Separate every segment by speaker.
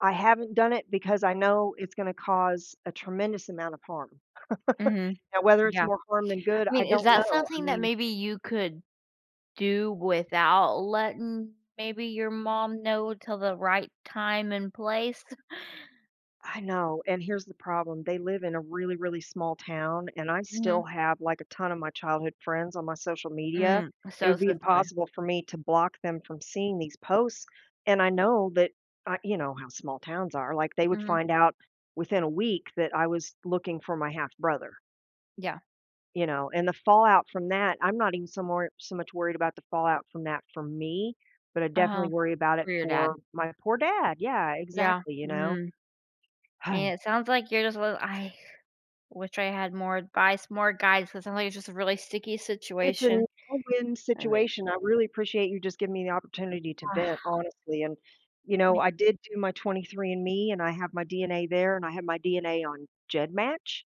Speaker 1: I haven't done it because I know it's gonna cause a tremendous amount of harm.
Speaker 2: Mhm.
Speaker 1: Now, whether it's
Speaker 2: Yeah.
Speaker 1: more harm than good,
Speaker 2: I
Speaker 1: I
Speaker 2: mean, is
Speaker 1: don't
Speaker 2: that
Speaker 1: know. I
Speaker 2: something that
Speaker 1: mean
Speaker 2: maybe you could do without letting, maybe, your mom know till the right time and place?
Speaker 1: I know. And, here's the problem. They live in a really, really small town, and I still
Speaker 2: Mhm.
Speaker 1: have, like, a ton of my childhood friends on my social media.
Speaker 2: Mm. So
Speaker 1: It'd
Speaker 2: it's
Speaker 1: be
Speaker 2: go
Speaker 1: impossible for me to block them from seeing these posts, and I know that, I you know, how small towns are, like they would
Speaker 2: Mhm.
Speaker 1: find out within a week that I was looking for my half brother
Speaker 2: Yeah.
Speaker 1: you know, and the fallout from that I'm not even so more so much worried about the fallout from that for me, but I
Speaker 2: Uh-huh.
Speaker 1: definitely worry about
Speaker 2: For
Speaker 1: it
Speaker 2: your dad.
Speaker 1: for my poor dad. Yeah,
Speaker 2: Yeah.
Speaker 1: exactly, you know.
Speaker 2: Mm. Man, it sounds like you're just a little I wish I had more advice, more guidance, so sometimes it's just a really sticky
Speaker 1: It's
Speaker 2: situation.
Speaker 1: an win-win
Speaker 2: I mean
Speaker 1: situation. I really appreciate you just giving me the opportunity to vent honestly, and, you
Speaker 2: I
Speaker 1: know,
Speaker 2: mea
Speaker 1: I did do my 23andMe and I have my DNA there and I have my DNA on GEDmatch?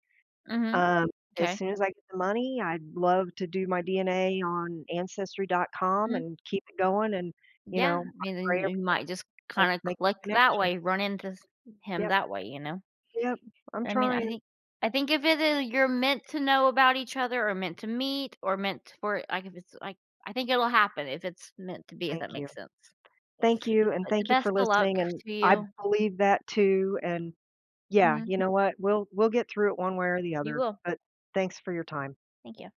Speaker 2: Mhm.
Speaker 1: Um, as
Speaker 2: 'Kay.
Speaker 1: soon as I get the money, I'd love to do my DNA on ancestry.com
Speaker 2: Mm.
Speaker 1: and keep it going and, you
Speaker 2: Yeah.
Speaker 1: know,
Speaker 2: I
Speaker 1: I
Speaker 2: mean, then
Speaker 1: pray
Speaker 2: y
Speaker 1: every
Speaker 2: you might just
Speaker 1: day to
Speaker 2: kinda
Speaker 1: make
Speaker 2: click
Speaker 1: that
Speaker 2: that
Speaker 1: connection.
Speaker 2: way, run into s him
Speaker 1: Yep.
Speaker 2: that way, you know?
Speaker 1: Yep, I'm
Speaker 2: I mean, I
Speaker 1: trying.
Speaker 2: think I think if it is you're meant to know about each other, or meant to meet, or meant t for i like, if it's, like, I think it'll happen if it's meant to be, if that
Speaker 1: Thank you.
Speaker 2: makes sense.
Speaker 1: Thank you, and
Speaker 2: But, the
Speaker 1: thank you for
Speaker 2: best of luck
Speaker 1: listening, and
Speaker 2: to
Speaker 1: I
Speaker 2: you.
Speaker 1: believe that too, and yeah,
Speaker 2: Mhm.
Speaker 1: you know what, we'll we'll get through it one way or the
Speaker 2: You
Speaker 1: other,
Speaker 2: will.
Speaker 1: but thanks for your time.
Speaker 2: Thank you.